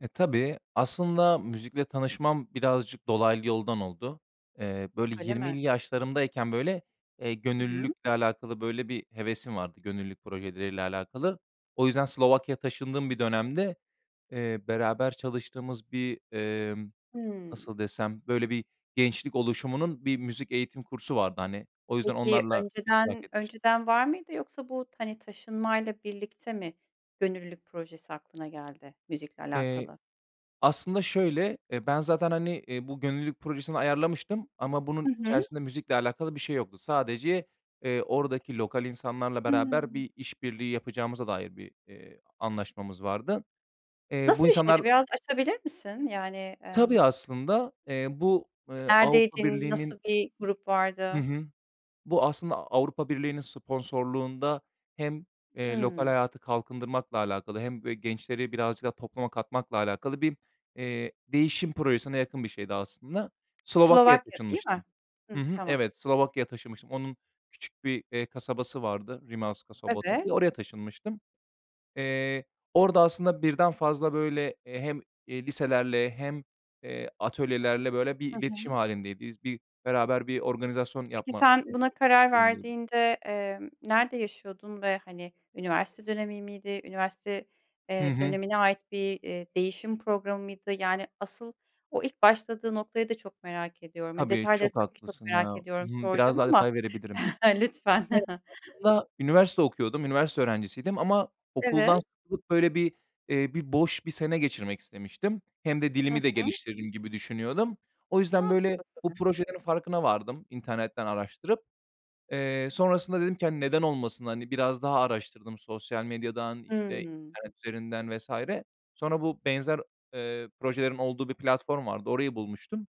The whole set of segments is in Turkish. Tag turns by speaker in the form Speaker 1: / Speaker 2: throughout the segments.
Speaker 1: E, tabii. Aslında müzikle tanışmam birazcık dolaylı yoldan oldu. Eee, böyle
Speaker 2: Öyle
Speaker 1: 20'li
Speaker 2: mi?
Speaker 1: yaşlarımdayken, böyle, eee,
Speaker 2: Hı hı.
Speaker 1: gönüllülükle alakalı böyle bir hevesim vardı gönüllülük projeleriyle alakalı. O yüzden Slovakya'ya taşındığım bir dönemde, eee, beraber çalıştığımız bir, emm,
Speaker 2: Hımm.
Speaker 1: nasıl desem, böyle bir gençlik oluşumunun bir müzik eğitim kursu vardı, hani. O yüzden
Speaker 2: Peki
Speaker 1: onlarla iştirak
Speaker 2: önceden
Speaker 1: etmiş
Speaker 2: önceden var mıydı yoksa bu t hani, taşınmayla birlikte mi gönüllülük projesi aklına geldi müzikle
Speaker 1: Eee,
Speaker 2: alakalı?
Speaker 1: aslında şöyle, eee, ben zaten, hani, eee, bu gönüllülük projesini ayarlamıştım ama
Speaker 2: Hı
Speaker 1: bunun
Speaker 2: hı.
Speaker 1: içerisinde müzikle alakalı bir şey yoktu. Sadece, eee, oradaki lokal insanlarla beraber
Speaker 2: Hıı.
Speaker 1: bir iş birliği yapacağımıza dair bir, eee, a anlaşmamız vardı. Eee, bu
Speaker 2: Nasıl bir
Speaker 1: insanlar
Speaker 2: şeydi, biraz açabilir misin? Yani, emm
Speaker 1: Tabii, aslında. Eee, bu, eee, Avrupa
Speaker 2: Neredeydin? Nasıl
Speaker 1: Birliği'nin
Speaker 2: bir grup
Speaker 1: Hı
Speaker 2: vardı?
Speaker 1: hı. Bu aslında Avrupa Birliği'nin sponsorluğunda hem, eee, lokal
Speaker 2: Hımm.
Speaker 1: hayatı kalkındırmakla alakalı hem b gençleri birazcık daha topluma katmakla alakalı bir, eee, değişim projesine yakın bir şeydi aslında. Slovakya'ya
Speaker 2: Slovakya, değil mi?
Speaker 1: taşınmıştım. Hı
Speaker 2: Hıh,
Speaker 1: hı.
Speaker 2: tamam.
Speaker 1: Evet. Slovakya'ya taşınmıştım. Onun küçük bir, eee, kasabası vardı Rimavská Sobota
Speaker 2: Evet.
Speaker 1: diye. Oraya taşınmıştım. Eee, orada aslında 1'den fazla, böyle, eee, hem, eee, liselerle hem, eee, atölyelerle böyle bir
Speaker 2: Hı
Speaker 1: iletişim
Speaker 2: hı.
Speaker 1: hâlindeydi z bir beraber bir organizasyon
Speaker 2: Peki
Speaker 1: yapma,
Speaker 2: sen
Speaker 1: eee,
Speaker 2: buna karar
Speaker 1: [unintelligible]
Speaker 2: verdiğinde, emm, nerede yaşıyordun ve, hani, üniversite dönemi miydi? Üniversite,
Speaker 1: Hı
Speaker 2: eee,
Speaker 1: hı.
Speaker 2: dönemine ait bir, eee, değişim programı mıydı? Yani asıl o ilk başladığı noktayı da çok merak ediyorum. Ya,
Speaker 1: Tabii,
Speaker 2: detayları
Speaker 1: çok
Speaker 2: tabii ki çok
Speaker 1: haklısın ya.
Speaker 2: merak
Speaker 1: Hı
Speaker 2: ediyorum
Speaker 1: hı. Biraz
Speaker 2: soracağım
Speaker 1: daha
Speaker 2: ama,
Speaker 1: detay verebilirim.
Speaker 2: lütfen.
Speaker 1: Yani, aslında üniversite okuyordum, üniversite öğrencisiydim ama okuldan
Speaker 2: Evet.
Speaker 1: sıkılıp, böyle bir, eee, bir boş bir sene geçirmek istemiştim. Hem de
Speaker 2: Hı
Speaker 1: dilimi de
Speaker 2: hı.
Speaker 1: geliştiririm gibi düşünüyordum. O yüzden böyle
Speaker 2: Mantıklı
Speaker 1: bu
Speaker 2: tabii.
Speaker 1: projelerin farkına vardım internetten araştırıp. Eee, sonrasında dedim ki, hani, "Neden olmasın?" Hani, biraz daha araştırdım sosyal medyadan, işte,
Speaker 2: Hımm.
Speaker 1: internet üzerinden vs. Sonra, bu benzer, eee, projelerin olduğu bir platform vardı, orayı bulmuştum.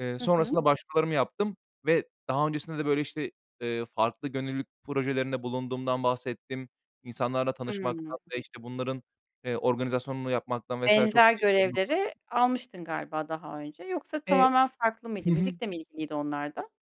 Speaker 1: Eee,
Speaker 2: Hı hı.
Speaker 1: sonrasında başvurularımı yaptım ve daha öncesinde de, böyle, işte, eee, farklı gönüllülük projelerinde bulunduğumdan bahsettim. İnsanlarla
Speaker 2: Hımm.
Speaker 1: tanışmaktan ve, işte, bunların, eee, organizasyonunu yapmaktan vs. çok
Speaker 2: Benzer
Speaker 1: keyif
Speaker 2: görevleri
Speaker 1: [unintelligible]
Speaker 2: almıştın galiba daha önce. Yoksa
Speaker 1: Eee
Speaker 2: tamamen farklı
Speaker 1: Hı
Speaker 2: mıydı?
Speaker 1: hı.
Speaker 2: Müzikle mi ilgiliydi onlar da?